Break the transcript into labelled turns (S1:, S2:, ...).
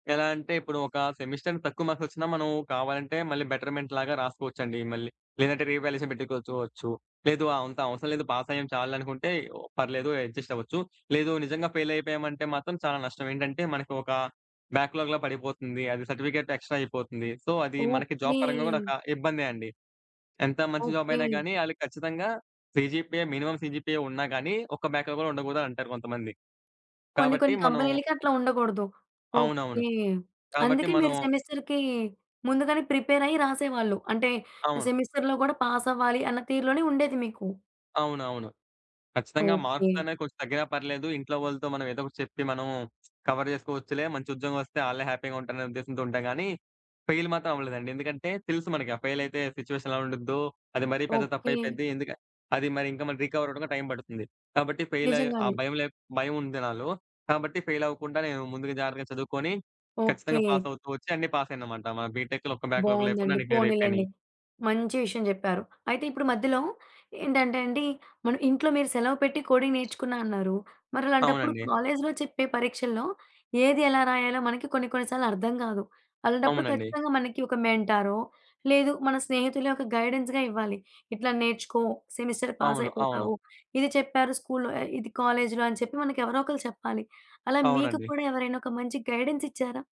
S1: ఎలా అంటే ఇప్పుడు ఒక సెమిస్టర్ తక్కువ మార్క్స్ వచ్చినా మనం కావాలంటే మళ్ళీ బెటర్‌మెంట్ లాగా రాసుకోవచ్చండి మళ్ళీ. లేదంటే రీవాల్యుయేషన్ పెట్టుకోచోవచ్చు. లేదు ఆహ్, అంత అవసరం లేదు పాస్ అయ్యాం చాల్లే అనుకుంటే పర్లేదు అడ్జస్ట్ అవ్వచ్చు. లేదు నిజంగా ఫెయిల్ అయిపోయామంటే మాత్రం చాలా నష్టం ఏంటంటే మనకు ఒక బ్యాక్‌లాగ్‌లా పడిపోతుంది. అది సర్టిఫికేట్ ఎక్స్ట్రా అయిపోతుంది. సో అది మనకి జాబ్
S2: ఓకె.
S1: పరంగా కూడా ఒక ఇబ్బందే అండి. ఎంత మంచి జాబ్
S2: ఓకె.
S1: అయినా గానీ ఆళ్ళకి ఖచ్చితంగా సీజీపీఏ మినిమమ్ సీజీపీఏ ఉన్నా కానీ ఒక బ్యాక్‌లాగ్ కూడా ఉండకూడదు అనంటారు కొంతమంది.
S2: కొన్ని
S1: కాబట్టి
S2: కొన్ని
S1: మనం
S2: కంపెనీలకి అట్లా ఉండగూడదు. ఓకె.
S1: అవునవును. కాబట్టి
S2: అందుకే
S1: మనం
S2: మీరు సెమిస్టర్‌‌కి ముందుగానే ప్రిపేర్ అయ్యి రాసేవాళ్ళు. అంటే
S1: అవును.
S2: సెమిస్టర్‌లో గూడా పాస్ అవ్వాలి అన్న తీరులోనే ఉండేది మీకు.
S1: అవునవును. ఖచ్చితంగా
S2: ఓకె.
S1: మార్క్స్ అనేవి కొంచెం తగ్గినా పర్లేదు ఇంట్లో వాళ్ళతో మనం ఏదో ఒకటి చెప్పి మనం కవర్ చేసుకోవచ్చులే మంచి ఉద్యోగమస్తే ఆళ్ళే హ్యాపీగా ఉంటారనే ఉద్దేశంతో ఉంటాం కానీ ఫెయిల్ మాత్రం అవ్వలేదండి. ఎందుకంటే తెలుసు మనకి ఆ ఫెయిల్ అయితే సిట్యుయేషన్ ఎలా ఉండిద్దో, అది మరీ పెద్ద తప్పు
S2: ఓకె.
S1: అయిపోద్ది ఎందుకు అది మరి ఇంకా రీకవర్ అవ్వడానికి టైం పడుతుంది. కాబట్టి ఫెయిల్ అయి, ఆ
S2: నిజంగానే.
S1: భయం లే భయం ఉంది నాలో. కాబట్టి ఫెయిల్ అవ్వకుండా నేను ముందుగా జాగ్రత్తగా చదువుకొని ఖచ్చితంగా
S2: ఓకె.
S1: పాస్ అవుతూ ఒచ్చి అన్నీ పాసయినమంటా. మా బీటెక్‌లో ఒక్క బ్యాక్‌లాగ్ లేకుండా
S2: బావుందండి,
S1: అన్నీ క్లియర్
S2: పోనీలెండి.
S1: అయిపోయినయి.
S2: మంచి విషయం చెప్పారు. అయితే ఇప్పుడు మధ్యలో ఏంటంటండి, మన ఇంట్లో మీరు సెలవు పెట్టి కోడింగ్ నేర్చుకున్నా అన్నారు మరి అలాంటప్పుడు
S1: అవునండి.
S2: కాలేజ్‌లో చెప్పే పరీక్షల్లో ఏది ఎలా రాయాలో మనకి కొన్ని కొన్ని సార్లు అర్థం గాదు. అలాంటప్పుడు
S1: అవునండి.
S2: ఖచ్చితంగా మనకి ఒక మెంటారో, లేదు మన స్నేహితులే ఒక గైడెన్స్‌గా ఇవ్వాలి. ఇట్లా నేర్చుకో, సెమిస్టర్
S1: అవును. అవును.
S2: పాసైపోతావు. ఇది చెప్పారు స్కూల్లో ఆహ్, ఇది కాలేజిలో అని చెప్పి మనకి ఎవరో ఒకళ్ళు చెప్పాలి అలా మీకు
S1: అవునండి.
S2: కూడా ఎవరైనా ఒక మంచి గైడెన్స్ ఇచ్చారా?